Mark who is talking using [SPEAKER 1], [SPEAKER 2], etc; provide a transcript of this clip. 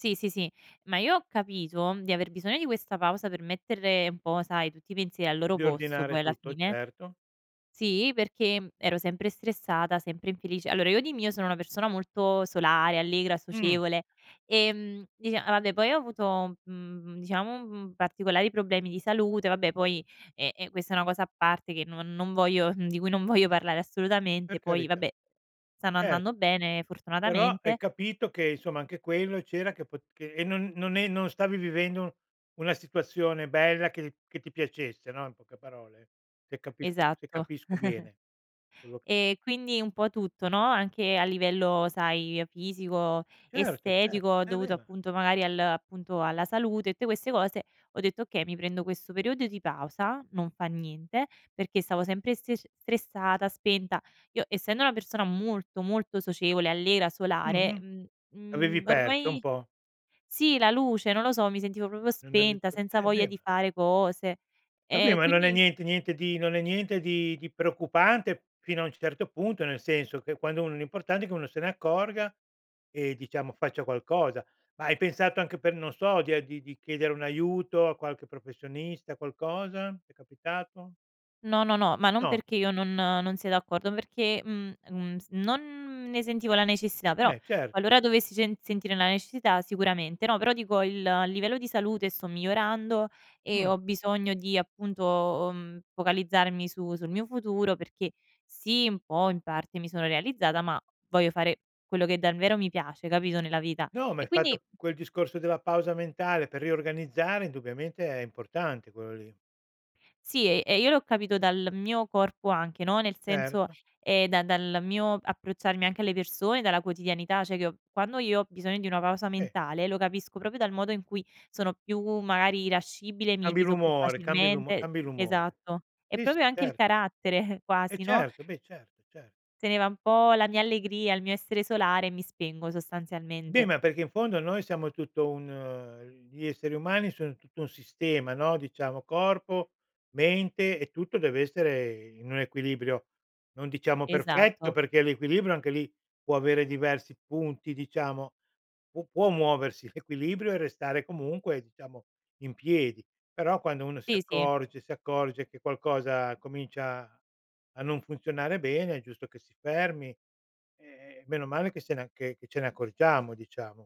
[SPEAKER 1] Sì, sì, sì, ma io ho capito di aver bisogno di questa pausa per mettere un po', sai, tutti i pensieri al loro posto
[SPEAKER 2] Riordinare
[SPEAKER 1] poi alla
[SPEAKER 2] tutto,
[SPEAKER 1] fine.
[SPEAKER 2] certo.
[SPEAKER 1] Sì perché, mhmm, ero sempre stressata, sempre infelice. Allora io di mio sono una persona molto solare, allegra,
[SPEAKER 2] Mh.
[SPEAKER 1] socievole, ehm, dicia vabbè poi ho avuto, mhmm, diciamo, mhmm, particolari problemi di salute, vabbè poi è è questa è una cosa a parte, che non non voglio, di cui non voglio parlare
[SPEAKER 2] Per
[SPEAKER 1] assolutamente, poi
[SPEAKER 2] carità.
[SPEAKER 1] vabbè, stanno
[SPEAKER 2] Cer
[SPEAKER 1] andando bene,
[SPEAKER 2] Però hai
[SPEAKER 1] fortunatamente.
[SPEAKER 2] capito che, insomma, anche quello c'era che pot che e non non è non stavi vivendo una situazione bella che che ti piacesse, no. In poche parole. Se capisco se
[SPEAKER 1] Esatto.
[SPEAKER 2] capisco bene quello
[SPEAKER 1] E quindi un po' tutto, no, anche a livello, sai, fisico,
[SPEAKER 2] Certo, certo.
[SPEAKER 1] estetico, ho
[SPEAKER 2] Eh,
[SPEAKER 1] dovuto
[SPEAKER 2] beh ma
[SPEAKER 1] appunto magari al appunto alla salute e tutte queste cose, ho detto: "Okay, mi prendo questo periodo di pausa, non fa niente", perché stavo sempre stresc stressata, spenta. Io essendo una persona molto, molto socievole, allegra, solare,
[SPEAKER 2] Mh-mh,
[SPEAKER 1] mhmm,
[SPEAKER 2] avevi
[SPEAKER 1] mhmm,
[SPEAKER 2] perso un
[SPEAKER 1] ormai
[SPEAKER 2] po'.
[SPEAKER 1] sì, la luce, non lo so, mi sentivo proprio
[SPEAKER 2] Non [unintelligible]
[SPEAKER 1] spenta, senza
[SPEAKER 2] eh
[SPEAKER 1] voglia
[SPEAKER 2] beh
[SPEAKER 1] di
[SPEAKER 2] ma
[SPEAKER 1] fare cose.
[SPEAKER 2] Vabbè,
[SPEAKER 1] E
[SPEAKER 2] ma non è
[SPEAKER 1] quindi
[SPEAKER 2] niente niente di non è niente di di preoccupante fino a un certo punto, nel senso che quando uno l'importante è che uno se ne accorga, e diciamo faccia qualcosa. Ma hai pensato anche per non so, di a di di chiedere un aiuto a qualche professionista, qualcosa. Ti è capitato?
[SPEAKER 1] No, no, no, ma non
[SPEAKER 2] No.
[SPEAKER 1] perché io non non sia d'accordo, ma perché mh, mh, mh, non ne sentivo la necessità, però
[SPEAKER 2] Eh, cer
[SPEAKER 1] qualora dovessi cen sentire la necessità, sicuramente. No, però dico il il livello di salute sto migliorando e
[SPEAKER 2] Mh.
[SPEAKER 1] ho bisogno di appunto, mhmm, focalizzarmi su sul mio futuro perché sì, un po' in parte mi sono realizzata, ma voglio fare quello che davvero mi piace, capito, nella vita.
[SPEAKER 2] No,
[SPEAKER 1] E
[SPEAKER 2] m'hai
[SPEAKER 1] quindi
[SPEAKER 2] fatto quel discorso della pausa mentale per riorganizzare, indubbiamente è importante quello lì.
[SPEAKER 1] Sì e e io l'ho capito dal mio corpo anche, no. Nel senso,
[SPEAKER 2] Certo.
[SPEAKER 1] ehm, da dal mio approcciarmi anche alle persone, dalla quotidianità, cioè che quando io ho bisogno di una pausa
[SPEAKER 2] Eh.
[SPEAKER 1] mentale, lo capisco proprio dal modo in cui sono più, magari irascibile, mi
[SPEAKER 2] Cambi
[SPEAKER 1] irrito più
[SPEAKER 2] l'umore, cambi l'umo
[SPEAKER 1] facilmente
[SPEAKER 2] cambi l'umore.
[SPEAKER 1] esatto. È
[SPEAKER 2] Sì,
[SPEAKER 1] proprio
[SPEAKER 2] sì,
[SPEAKER 1] anche il
[SPEAKER 2] cer
[SPEAKER 1] carattere
[SPEAKER 2] Eh
[SPEAKER 1] quasi, no?
[SPEAKER 2] certo, beh certo, cer
[SPEAKER 1] Se ne va un po' la mia allegria, il mio essere solare e mi spengo,
[SPEAKER 2] Beh,
[SPEAKER 1] sostanzialmente.
[SPEAKER 2] ma perché in fondo noi siamo tutto un gli esseri umani sono tutto un sistema, no. Diciamo corpo, mente e tutto deve essere in un equilibrio, non diciamo perfetto,
[SPEAKER 1] Esatto.
[SPEAKER 2] perché l'equilibrio, anche lì, può avere diversi punti diciamo, pu può muoversi l'equilibrio e restare comunque diciamo in piedi. Però quando uno si
[SPEAKER 1] Sì, sì.
[SPEAKER 2] accorge si accorge che qualcosa comincia a non funzionare bene, è giusto che si fermi, ehm, meno male che se ne a che che ce ne accorgiamo, diciamo.